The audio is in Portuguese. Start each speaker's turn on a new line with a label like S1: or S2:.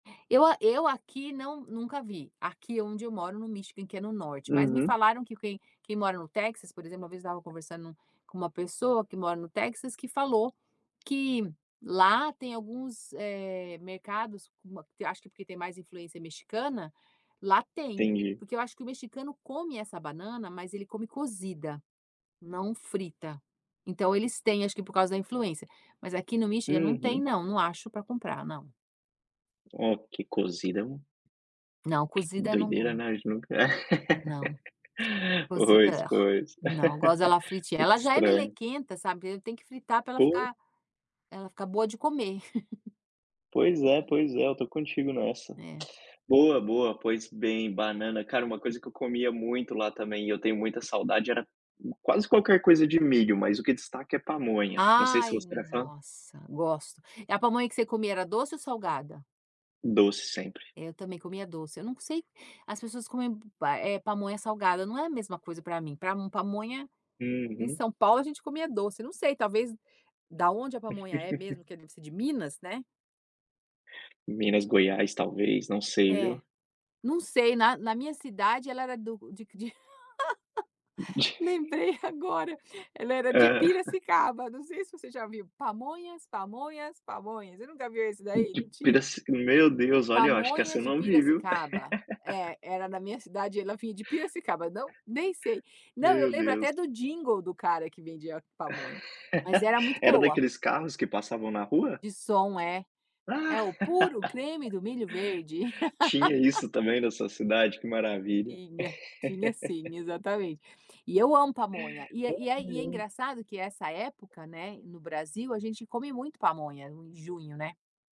S1: Eu a eu aqui não nunca vi, aqui onde eu moro no Michigan, que é no norte, mas me
S2: Uhum.
S1: falaram que quem quem mora no Texas, por exemplo, uma vez estava conversando com uma pessoa que mora no Texas que falou que lá tem alguns, eh, mercados com uma que acho que porque tem mais influência mexicana, lá tem.
S2: Entendi.
S1: Porque eu acho que o mexicano come essa banana, mas ele come cozida, não frita. Então eles têm acho que por causa da influência, mas aqui no Michigan não tem
S2: Uhum.
S1: não, não acho para comprar não.
S2: Ó que cozida é um
S1: Não,
S2: Que
S1: cozida não
S2: doideira,
S1: gos
S2: né, a gente nunca
S1: Não.
S2: Pois,
S1: Cozida
S2: pois.
S1: não, gosto dela
S2: Um
S1: fritinha.
S2: pouco
S1: Ela já é
S2: estranho.
S1: melequenta, sabe, eu tenho que fritar para ela
S2: Pois.
S1: ficar ela ficar boa de comer.
S2: Pois é pois é, eu estou contigo nessa.
S1: É.
S2: Boa, boa, pois bem, banana. Cara uma coisa que eu comia muito lá também e eu tenho muita saudade era o quase qualquer coisa de milho, mas o que destaca é pamonha, não sei se
S1: Ai,
S2: você era fã.
S1: nossa, gosto. É a pamonha que você comia era doce ou salgada?
S2: Doce sempre.
S1: Eu também comia doce, eu não sei, as pessoas comem, hum, pa eh, pamonha salgada, não é a mesma coisa para mim. Para mo pamonha em
S2: Uhum.
S1: São Paulo a gente comia doce, não sei talvez da onde a pamonha é mesmo que não sei, de Minas, né?
S2: Minas, Goiás, talvez. Não sei,
S1: É.
S2: viu?
S1: Não sei, na na minha cidade ela era do de de lembrei agora, ela era de
S2: Ah.
S1: Piracicaba, não sei se você já viu: "Pamonhas, pamonhas, pamonhas." Você nunca viu esse daí? Não tinha?
S2: Pedac Meu Deus! Olha, eu acho que essa eu
S1: "Pamonhas de
S2: não vi, viu?
S1: Piracicaba." É, era na minha cidade, ela vinha de Piracicaba, não nem sei. Não, eu
S2: Meu
S1: lembro até
S2: Deus.
S1: do jingle do cara que vendia pamonha. Mas era muito
S2: Era
S1: boa.
S2: daqueles carros que passavam na rua?
S1: De som é. "É o puro creme do milho verde."
S2: Tinha isso também na sua cidade? Que maravilha.
S1: Tinha, tinha sim. Exatamente. E eu amo
S2: Ai,
S1: pamonha e é e é e é
S2: ai.
S1: engraçado que essa época, né, no Brasil a gente come muito pamonha no em junho né?